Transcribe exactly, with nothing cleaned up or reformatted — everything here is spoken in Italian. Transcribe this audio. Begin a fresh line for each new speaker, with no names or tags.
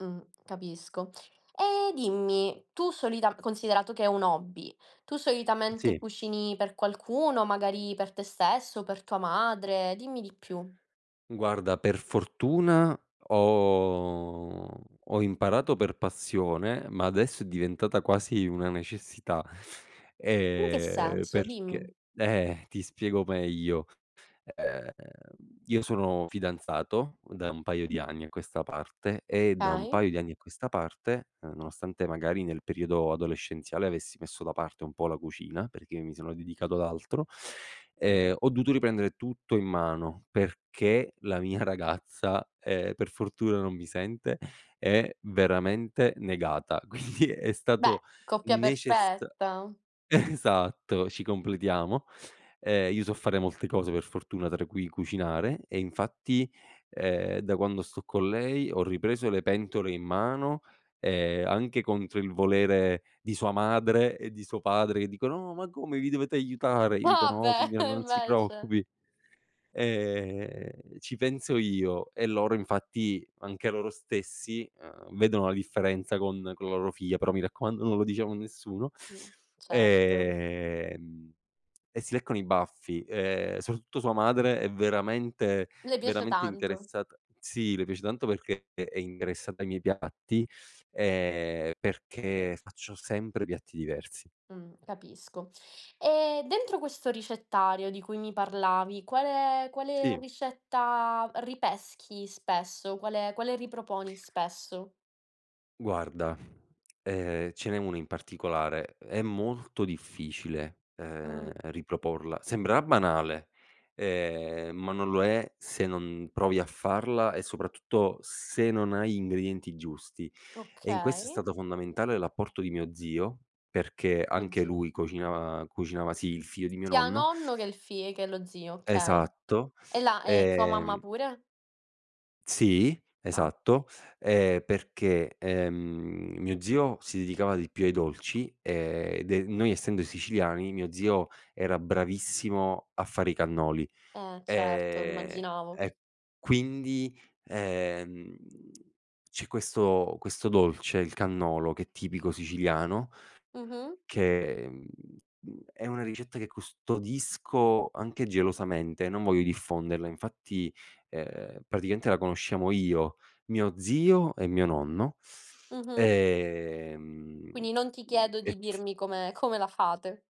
Mh, capisco. E dimmi, tu solitam considerato che è un hobby, tu
Mh,
solitamente
sì.
cucini per qualcuno, magari per te stesso, per tua madre? Dimmi di più.
Guarda per fortuna ho ho ho imparato per passione, ma adesso è diventata quasi una necessità.
In che
E
senso? Dimmi.
perché? Eh, ti spiego meglio. Ehm, io sono fidanzato u da un paio di anni a questa parte e da un
Okay.
paio di anni a questa parte, ehm, nonostante magari nel periodo adolescenziale avessi messo da parte un po' la cucina, perché mi sono dedicato ad altro, ehm, ho dovuto riprendere tutto in mano, perché la mia ragazza, ehm, per fortuna non mi sente, è veramente negata, quindi è
Beh,
stato
coppia
necessa
perfetta.
esatto, ci completiamo. Ehm, io so fare molte cose per fortuna, tra cui cucinare e, infatti, ehm, da quando sto con lei ho ripreso le pentole in mano e anche, contro il volere di sua madre e di suo padre, che dicono: "No ma come vi dovete aiutare." Gli dico:
Ah
"No
beh
signora
e
non si
invece
preoccupi, ehm, ci penso io." E loro infatti anche loro stessi, uhm, vedono la differenza con con la loro figlia, però mi raccomando non lo diciamo a nessuno,
Mh, certo.
ehm, e si leccano i baffi, ehm, soprattutto sua madre è veramente,
Le piace
veramente
tanto.
interessata sì le piace tanto perché è interessata ai miei piatti, ehm, perché faccio sempre piatti diversi.
Mh, capisco. E dentro questo ricettario, di cui mi parlavi, quale quale
Sì.
ricetta ripeschi spesso? Quale quale riproponi spesso?
Guarda, ehm, ce n'è una in particolare, è molto difficile, ehm,
Mh.
riproporla. Sembrerà banale, ehm, ma non lo è se non provi a farla e, soprattutto, se non hai ingredienti giusti e, in questo, è
Okay.
stato fondamentale l'apporto di mio zio, perché
Oh,
anche
zio.
lui cocina cucinava sì il figlio di mio
Sia
nonno.
nonno che il fi ehm, che lo zio, okay.
Esatto,
E la e sua mamma
ehm
pure?
Sì,
Ah.
esatto, ehm, perché, ehm, mio zio si dedicava di più ai dolci e de noi essendo siciliani, mio zio era bravissimo a fare i cannoli.
Eh certo,
Ehm,
immaginavo.
e quindi, ehm, c'è questo questo dolce, il cannolo, che è tipico siciliano,
Mh-mh.
che, mhmm, mhmm, è una ricetta che custodisco anche gelosamente, non voglio diffonderla; infatti, ehm, praticamente la conosciamo io, mio zio e mio nonno.
Mh-mh.
Ehm
Quindi non ti chiedo
e
di
t
dirmi come come la fate.